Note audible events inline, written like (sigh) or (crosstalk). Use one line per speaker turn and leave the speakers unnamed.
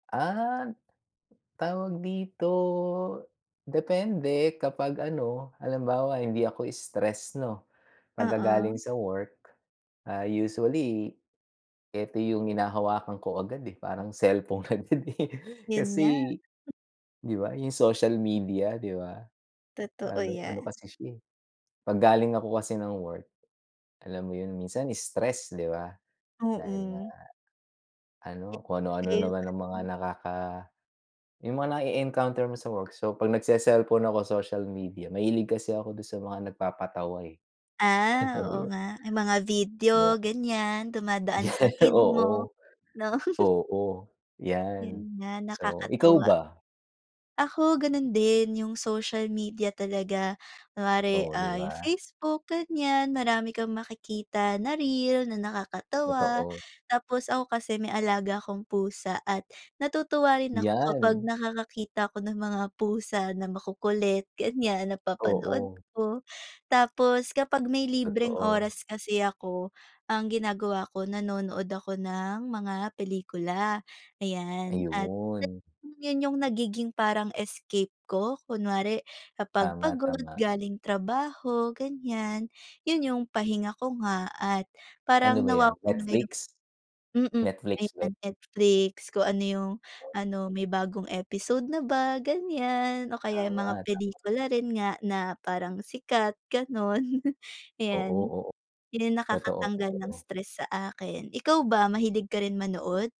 Ah, tawag dito, depende kapag ano, halimbawa hindi ako stress 'no, pagka galing
Oo.
sa work. Ah, usually eto yung hinahawakan ko agad eh, parang selpon agad eh.
Yun nga.
Kasi, 'di ba, yung social media di ba?
Totoo
Ano ano
'yan.
kasi siya eh, 'pag galing ako kasi ng work, alam mo yun, minsan stress, 'di ba, dahil nga
Oo.
ano, kung ano-ano naman ang mga
(unintelligible)
nakaka yung mga na-e-encounter mo sa work. So, 'pag nagseselpon ako, social media, mahilig kasi ako dun sa mga nagpapatawa, eh. (chuckles)
Ah,
Oo,
oo
yun.
nga. Yung mga video
Di ba?
ganyan, dumadaan sa
(laughs)
feed mo,
Oo.
'no?
Oo.
Yun
Yan.
nga,
So, ikaw
nakakatuwa.
ba?
Ako ganun din, yung social media talaga. Kunwari,
Oh, di
ah, yung
ba?
Facebook ganyan, marami kang makikita na reel, na nakakatawa.
Totoo.
Tapos ako kasi may alaga akong pusa at natutuwa rin ako kapag
Yan!
nakakakita ako ng mga pusa na makukulit ganyan, napapanood
Oo.
ko. Tapos kapag may libreng
Totoo.
oras kasi ako, ang ginagawa ko, nanonood ako ng mga pelikula, ayan, at
Ayun.
yun yung nagiging parang escape ko. Kunwari kapag pagod
Tama-tama.
galing trabaho ganyan, yun yung pahinga ko nga at parang
Ano ba yan,
nawawala yung
Netflix?
mm.
Netflix ba
Ayan,
yan?
Netflix, kung ano yung ano, may bagong episode na ba? Ganyan, o kaya yung
Tama.
mga
Dapat nga.
pelikula rin nga na parang sikat, ganun, (chuckles)
Oo,
'yan.
oo.
Yan ang nakakatanggal ng
Totoo-totoo.
stress sa akin. Ikaw ba, mahilig ka rin manood?